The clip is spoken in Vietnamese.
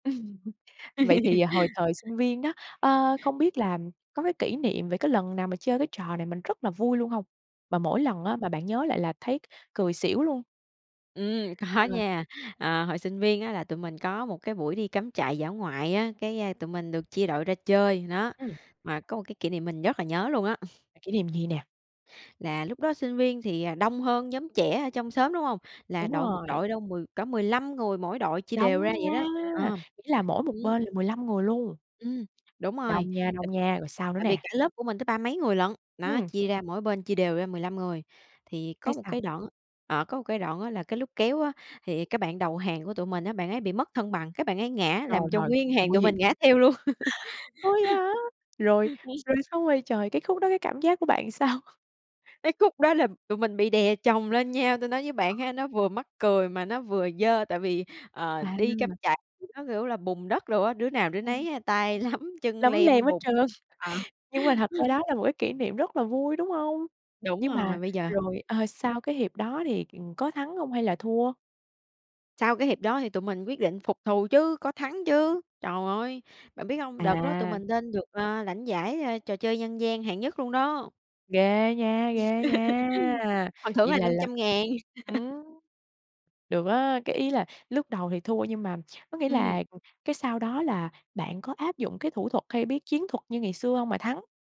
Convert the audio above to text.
Vậy thì hồi thời sinh viên đó, ơ, không biết là có cái kỷ niệm về cái lần nào mà chơi cái trò này mình rất là vui luôn hông? Mà mỗi lần á, mà bạn nhớ lại là thấy c cười xỉu luôn. Ừm, có Ờ. nha. Ờ, hồi sinh viên á là tụi mình có một cái buổi đi cắm trại dã ngoại á, cái tụi mình được chia đội ra chơi. Đó, Ừm. mà có một cái kỷ niệm mình rất là nhớ luôn á. Kỷ niệm gì nè? Là lúc đó sinh viên thì, à, đông hơn nhóm trẻ ở trong xóm, đúng hông? Là Đúng đội một rồi. đội đâu mười cỡ 15 người mỗi đội, chia đều Đông ra nha! vậy đó. Ờ. Nghĩa là mỗi một Ừm. bên là 15 người luôn. Ừm. Đúng rồi, Đông nha, t đông nha. Rồi sao nữa tại vì nè? cả lớp của mình tới ba mấy người lận, đó, Ừm. chia ra mỗi bên, chia đều ra 15 người. Thì Cái có một sao? cái đoạn ờ, có một cái đoạn á là cái lúc kéo á, thì cái bạn đầu hàng của tụi mình á, bạn ấy bị mất thân bằng, cái bạn ấy ngã Rồi, làm cho rồi. Khúc nguyên này hàng nguy tụi hiểm. mình ngã theo luôn. Ủa, vậy hả? Rồi rồi xong rồi trời! Cái khúc đó cái cảm giác của bạn sao? Cái khúc đó là tụi mình bị đè chồng lên nhau, tôi nói với Ờ. bạn ha, nó vừa mắc cười mà nó vừa dơ. Tại vì, ờ, À. đi cắm trại thì nó kiểu là bùn đất đồ á, đứa nào đứa Ừm. nấy tay lấm, chân Lấm lem lem hết bùn. trơn. Ờ. Nhưng mà thật ra đó là một cái kỷ niệm rất là vui, đúng hông? Đúng Nhưng mà rồi, bây giờ rồi, ờ, ừm sau cái hiệp đó thì, ừm, có thắng hông hay là thua? Sau cái hiệp đó thì tụi mình quyết định phục thù chứ, có thắng chứ. Trời ơi! Bạn biết hông? Đợt đó tụi À. mình lên được, ờ, lãnh giải trò chơi dân gian hạng nhất luôn đó. Ghê nha! Ghê nha! Phần thưởng Vậy là là năm là trăm ngàn. ừm, được á! Cái ý là lúc đầu thì thua, nhưng mà, có nghĩa Ừm. là ừm, cái sau đó là bạn có áp dụng cái thủ thuật hay bí chiến thuật như ngày xưa hông mà thắng?